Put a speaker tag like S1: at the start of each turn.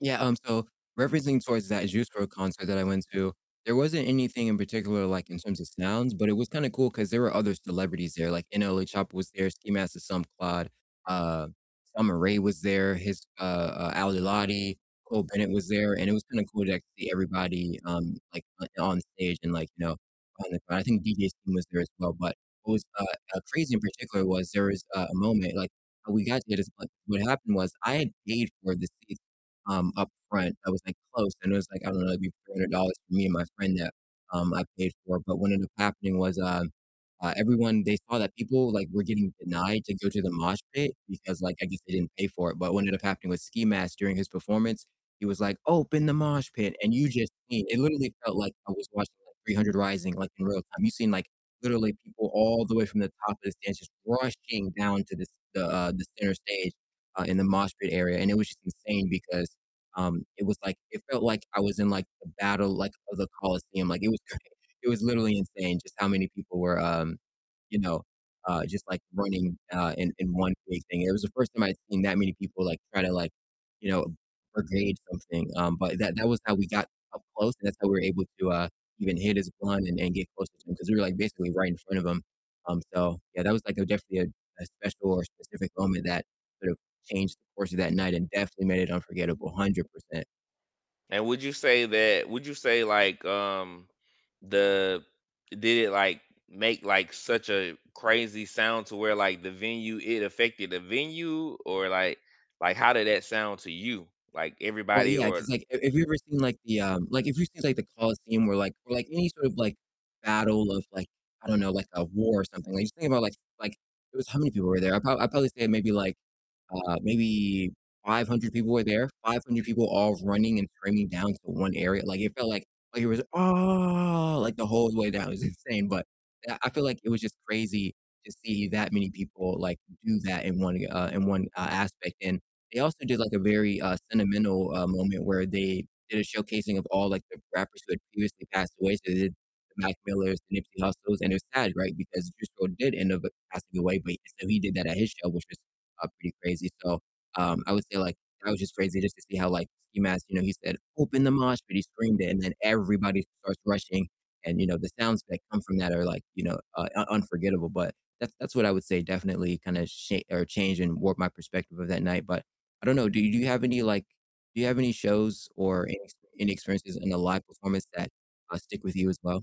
S1: Yeah, um, so referencing towards that Juice WRLD concert that I went to, there wasn't anything in particular, like, in terms of sounds, but it was kinda cool 'cause there were other celebrities there, like, NLE Choppa was there, Ski Mask the Slump God, uh, Summer Ray was there, his uh uh, Ali Lati, Cole Bennett was there, and it was kinda cool to actually see everybody, um, like, on on stage and, like, you know, on the [unintelligible] I think DJ Scheme was there, as well, but what was, uh uh, crazy in particular was there was a a moment, like, how we got to this pla What happened was I had paid for the seats, um, up front that was, like, close, and it was like, I don't know, maybe $300 for me and my friend that, um, I paid for, but what ended up happening was, um, uh, everyone they saw that people, like, were getting denied to go to the mosh pit, because like I guess they didn't pay for it. But what ended up happening with Ski Mask during his performance, he was like, "Open the mosh pit," and you just seen it literally felt like I was watching, like, 300 rising, like, in real time. You seen, like, literally people all the way from the top of the stands just rushing down to the st the, uh the center stage, uh, in the mosh pit area, and it was just insane because, um, it was like it felt like I was in, like, the battle, like of the Colosseum. Like it was cra it was literally insane just how many people were, um, you know, uh, just like running, uh, in in one big thing. It was the first time I'd seen that many people, like, try to like, you know, [unintelligible] something, um, but that that was how we got up close and that's how we were able to, uh, even hit his blunt and then get closer to him, 'cause we were like basically right in front of him, um, so, yeah, that was like that was definitely a a special or specific moment that sort of changed the course of that night and definitely made it unforgettable, 100%.
S2: And would you say that would you say like, um, the did it, like, make, like, such a crazy sound to where, like, the venue, it affected the venue, Or like like how did that sound to you? Like
S1: Well,
S2: everybody
S1: yeah,
S2: or
S1: 'cause like if if you've ever seen, like, the, um like, if you've seen, like, the Colosseum where, like or, like, any sort of, like, battle of, like I don't know, like, a war or something, like, just think about like like it was how many people were there? I prob I'd probably say maybe, like uh, maybe 500 people were there, 500 people all running, and cramming down to 1 area, like it felt like like it was, "Ah!" like, the whole way down, it was insane, but I I feel, like, it was just crazy to see that many people, like, do that in one, uh in one, uh, aspect. And they also did like a very, uh, sentimental, uh, moment where they did a showcasing of all, like, the rappers who had previously passed away, so, they did the Mac Millers, the Nipsey Hussles, and it was sad, right, because Juice WRLD did end up passing away, but so he did that at his show, which was, uh, pretty crazy. So, um, I would say, like, that was just crazy just to see how, like, Ski Mask, you know, he said, "Open the mosh pit." He screamed it and then everybody starts rushing and, you know, the sounds that come from that are like, you know, uh, un unforgettable, but that's that's what I would say definitely kinda sha or changed, and warped my perspective of that night. But I don't know, do do you have any, like do you have any shows, or any ex any experiences in a live performance that, uh, stick with you as well?